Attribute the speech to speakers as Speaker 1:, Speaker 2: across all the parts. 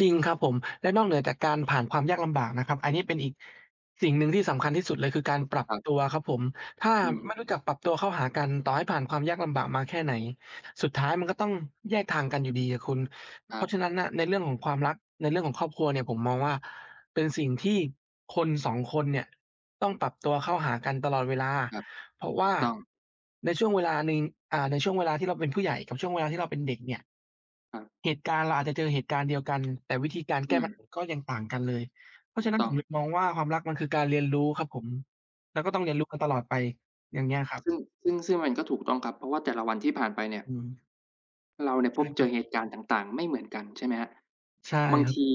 Speaker 1: จริงครับผม และนอกเหนือจากการผ่านความยากลำบากนะครับ อันนี้เป็นอีก สิ่งหนึ่งที่สำคัญที่สุดเลย คือการปรับ
Speaker 2: ครับ
Speaker 1: ตัวครับผม ถ้า
Speaker 2: อื
Speaker 1: ไม
Speaker 2: อ
Speaker 1: ่รู้จักปรับตัวเข้าหากัน ต่อให้ผ่านความยากลำบากมาแค่ไหน สุดท้ายมันก็ต้องแยกทางกันอยู่ดีอะคุณ
Speaker 2: คร
Speaker 1: เพราะฉ
Speaker 2: ับ
Speaker 1: ะนั้นน่ะในเรื่องของความรัก ในเรื่องของครอบครัวเนี่ย ผมมองว่าเป็นสิ่งที่คน 2 คนเนี่ยต้องปรับตัวเข้าหากันตลอดเวลา
Speaker 2: ครับ
Speaker 1: เพราะว
Speaker 2: ถ
Speaker 1: ่
Speaker 2: ู
Speaker 1: า
Speaker 2: กต้อง
Speaker 1: ในช่วงเวลาหนึ่ง อ่า ในช่วงเวลาที่เราเป็นผู้ใหญ่กับช่วงเวลาที่เราเป็นเด็กเนี่ย
Speaker 2: ครับ
Speaker 1: เหตุการณ์เราอาจจะเจอเหตุการณ์เดียวกัน แต่วิธีการ
Speaker 2: อ
Speaker 1: แ
Speaker 2: ื
Speaker 1: ก้ปัญ
Speaker 2: ม
Speaker 1: หาก็ยังต่างกันเลย เพรา
Speaker 2: ถ
Speaker 1: ะ
Speaker 2: ู
Speaker 1: ฉ
Speaker 2: ก
Speaker 1: ะนั้น
Speaker 2: ต้
Speaker 1: ผ
Speaker 2: อ
Speaker 1: ม
Speaker 2: ง
Speaker 1: หยุดมองว่า ความรักมันคือการเรียนรู้ครับผม แล้วก็ต้องเรียนรู้กันตลอดไป อย่างเงี้ยครับ
Speaker 2: ซึ่ง ซึ่ง ซึ่งมันก็ถูกต้องครับ เพราะว่าแต่ละวันที่ผ่านไปเนี่ย
Speaker 1: อืม
Speaker 2: เราเนี่ย
Speaker 1: ใช
Speaker 2: พ
Speaker 1: ่
Speaker 2: บเ
Speaker 1: ค
Speaker 2: จ
Speaker 1: รั
Speaker 2: อ
Speaker 1: บ
Speaker 2: เหตุการณ์ต่าง ๆ ไม่เหมือนกัน ใช่ไหมครับ
Speaker 1: ใช่
Speaker 2: บาง
Speaker 1: ครั
Speaker 2: ท
Speaker 1: บ
Speaker 2: ี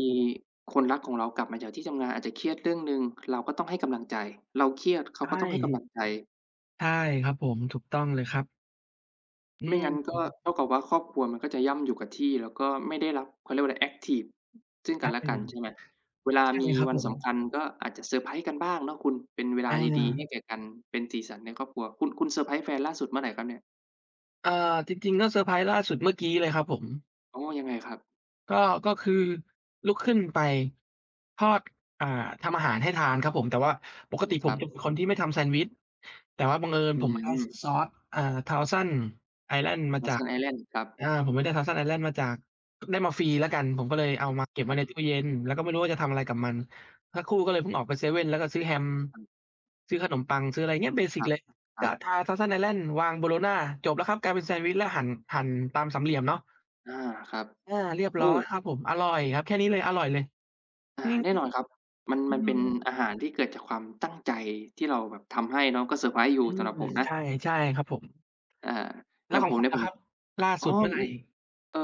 Speaker 2: คนรักของเรากลับมาจากที่ทำงานอาจจะเครียดเรื่องหนึ่ง เราก็ต้องให้กำลังใจ เราเครียดเข
Speaker 1: ใช
Speaker 2: าก็ต้องให้กำล
Speaker 1: ่
Speaker 2: ังใจ
Speaker 1: ใช่ครับผม ถูกต้องเลยครับ อื
Speaker 2: ไม่งั้นก็
Speaker 1: ม
Speaker 2: เท่ากับว่าครอบครัวมันก็จะย่ำอยู่กับที่ แล้วก็ไม่ได้รับ เขาเรียกว่าอะไร แอ็กทิฟซึ่ง
Speaker 1: ค
Speaker 2: กั
Speaker 1: ร
Speaker 2: น
Speaker 1: ับ
Speaker 2: และ
Speaker 1: ผ
Speaker 2: ก
Speaker 1: ม
Speaker 2: ัน ใช่ไหม เวลา
Speaker 1: ใช่
Speaker 2: มี
Speaker 1: ครับ
Speaker 2: วัน
Speaker 1: ผ
Speaker 2: สำ
Speaker 1: ม
Speaker 2: คัญก็อาจจะเซอร์ไพรส์กันบ้างเนาะคุณ เป็นเวลา
Speaker 1: อ
Speaker 2: ดี ๆ ให้
Speaker 1: า
Speaker 2: แก่กันเป็นสีสันในครอบครัว คุณ คุณเซอร์ไพรส์แฟนล่าสุดเมื่อไรครับเนี่ย?
Speaker 1: อ่า จริง ๆ เรื่องเซอร์ไพรส์ล่าสุดเมื่อกี้เลยครับผม
Speaker 2: อ๋อ ยังไงครับ?
Speaker 1: ก็ ก็คือลุกขึ้นไป ทอด อ่า ทำอาหารให้ทานครับผม แต่ว่า
Speaker 2: อ
Speaker 1: ป
Speaker 2: ื
Speaker 1: ก
Speaker 2: ม
Speaker 1: ติ
Speaker 2: ค
Speaker 1: ผ
Speaker 2: รั
Speaker 1: ม
Speaker 2: บ
Speaker 1: จะเป็นคนที่ไม่ทำแซนด์วิช แต่ว่าบังเอิญ
Speaker 2: อื
Speaker 1: ผมเอา ซ
Speaker 2: ม
Speaker 1: ซอส อ่า Thousand Island มาจาก
Speaker 2: Thousand Island ครับ
Speaker 1: อา ผมไปได้ Thousand Island มาจาก ได้มาฟรีแล้วกัน ผมก็เลยเอ
Speaker 2: อ
Speaker 1: า
Speaker 2: ือ
Speaker 1: มาเก็บ
Speaker 2: ค
Speaker 1: ไว
Speaker 2: ร
Speaker 1: ้
Speaker 2: ับ
Speaker 1: ในตู้เย็น แล้วก็ไม่รู้ว่าจะทำอะไรกับมัน สักครู่ก็เลยเพิ่งออกไปเซเว่น แล้วก็ซื้อแฮม
Speaker 2: อือ
Speaker 1: ซื้อขนมปัง ซื้ออะไรเงี้ย เบสิ
Speaker 2: ค
Speaker 1: ก
Speaker 2: รับ
Speaker 1: เลย
Speaker 2: คร
Speaker 1: ก
Speaker 2: ั
Speaker 1: ็
Speaker 2: บ
Speaker 1: ทา Thousand Island วางโบโลน่า จบแล้วครับกลายเป็นแซนด์วิช แล้วหั่น หั่นตามสามเหลี่ยมเนาะ
Speaker 2: อา ครับ
Speaker 1: อา เรียบ
Speaker 2: โอ
Speaker 1: ร
Speaker 2: ้
Speaker 1: ้อยครับผม อร่อยครับ แค่นี้เลย อร่อยเลย
Speaker 2: อ่า
Speaker 1: จริง
Speaker 2: แน
Speaker 1: ค
Speaker 2: ่
Speaker 1: รั
Speaker 2: น
Speaker 1: บ
Speaker 2: อนครับ มัน
Speaker 1: อื
Speaker 2: มันเป็น
Speaker 1: อ
Speaker 2: อาหารที่เกิดจากความตั้งใจที่เราแบบทำให้เนาะ ก็เซอร์ไพรส์อยู
Speaker 1: อ
Speaker 2: ่
Speaker 1: ื
Speaker 2: ส
Speaker 1: ม
Speaker 2: ำหรับผมนะ
Speaker 1: ใช่ ใช่ครับผม
Speaker 2: อา
Speaker 1: แล
Speaker 2: อ
Speaker 1: ้
Speaker 2: ย่
Speaker 1: ว
Speaker 2: าง
Speaker 1: ขอ
Speaker 2: ผ
Speaker 1: ง
Speaker 2: ม
Speaker 1: คุ
Speaker 2: เนี
Speaker 1: ณ
Speaker 2: ่ย
Speaker 1: อ
Speaker 2: ผ
Speaker 1: ะ
Speaker 2: ม
Speaker 1: ครับ ล่า
Speaker 2: อ๋
Speaker 1: ส
Speaker 2: อ
Speaker 1: ุดเมื่อไ
Speaker 2: อื
Speaker 1: หร่?
Speaker 2: ม เอ่อ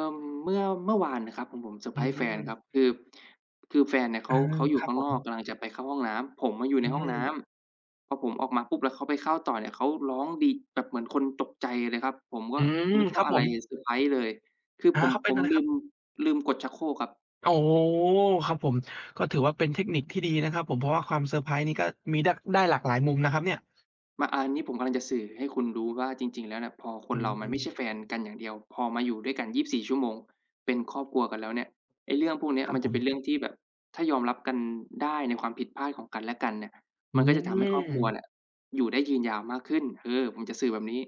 Speaker 2: เมื่อ เมื่อวานน่ะครับของผมเซอร์
Speaker 1: อ
Speaker 2: ไพ
Speaker 1: ื
Speaker 2: รส์แฟนครั
Speaker 1: ม
Speaker 2: บ คือ คือแฟนเนี่ยเข
Speaker 1: อา
Speaker 2: า เขาอยู
Speaker 1: ค
Speaker 2: ่
Speaker 1: รั
Speaker 2: ข
Speaker 1: บ
Speaker 2: ้า
Speaker 1: ผ
Speaker 2: งนอก
Speaker 1: ม
Speaker 2: กำลังจะไปเข้าห้องน้ำ ผมอะอยู่
Speaker 1: อ
Speaker 2: ใ
Speaker 1: ื
Speaker 2: นห้องน้
Speaker 1: ม
Speaker 2: ำ พอผมออกมาปุ๊บ แล้วเขาไปเข้าต่อเนี่ย เขาร้องดี แบบเหมือนคนตกใจเลยครับ ผมก็
Speaker 1: อืม
Speaker 2: นึก
Speaker 1: ค
Speaker 2: ว
Speaker 1: ร
Speaker 2: ่
Speaker 1: ั
Speaker 2: า
Speaker 1: บ
Speaker 2: อะ
Speaker 1: ผ
Speaker 2: ไร
Speaker 1: ม
Speaker 2: เซอร์ไพรส์เลย คือ
Speaker 1: อา
Speaker 2: ผม
Speaker 1: เขาเป
Speaker 2: ผ
Speaker 1: ็นอ
Speaker 2: ม
Speaker 1: ะไร
Speaker 2: ลื
Speaker 1: ครับ?
Speaker 2: ม ลืมกดชักโครกครับ
Speaker 1: อ๋อ ครับผม ก็ถือว่าเป็นเทคนิคที่ดีนะครับผม เพราะว่าความเซอร์ไพรส์นี่ก็มีได้ ได้หลากหลายมุมนะครับเนี่ย
Speaker 2: มา อา อันนี้ผมกำลังจะสื่อให้คุณรู้ว่าจริง ๆ แล้วเนี่ย พอค
Speaker 1: อ
Speaker 2: น
Speaker 1: ื
Speaker 2: เรามันไม่ใช
Speaker 1: ม
Speaker 2: ่แฟนกันอย่างเดียว พอมาอยู่ด้วยกัน 24 ชั่วโมงเป็นครอบครัวกันแล้วเนี่ย ไอ้เรื่องพวกเนี้ย
Speaker 1: ครั
Speaker 2: ม
Speaker 1: บ
Speaker 2: ันจ
Speaker 1: ผ
Speaker 2: ะเป็น
Speaker 1: ม
Speaker 2: เรื่องที่แบบ ถ้ายอมรับกันได้ในความผิดพลาดของกันและกันเนี่ย
Speaker 1: อื
Speaker 2: มันก็จะทำให้ครอบครัวเ
Speaker 1: ม
Speaker 2: นี่ยอยู่ได้ยืนยาวมากขึ้น คือผมจะสื่อแบบนี้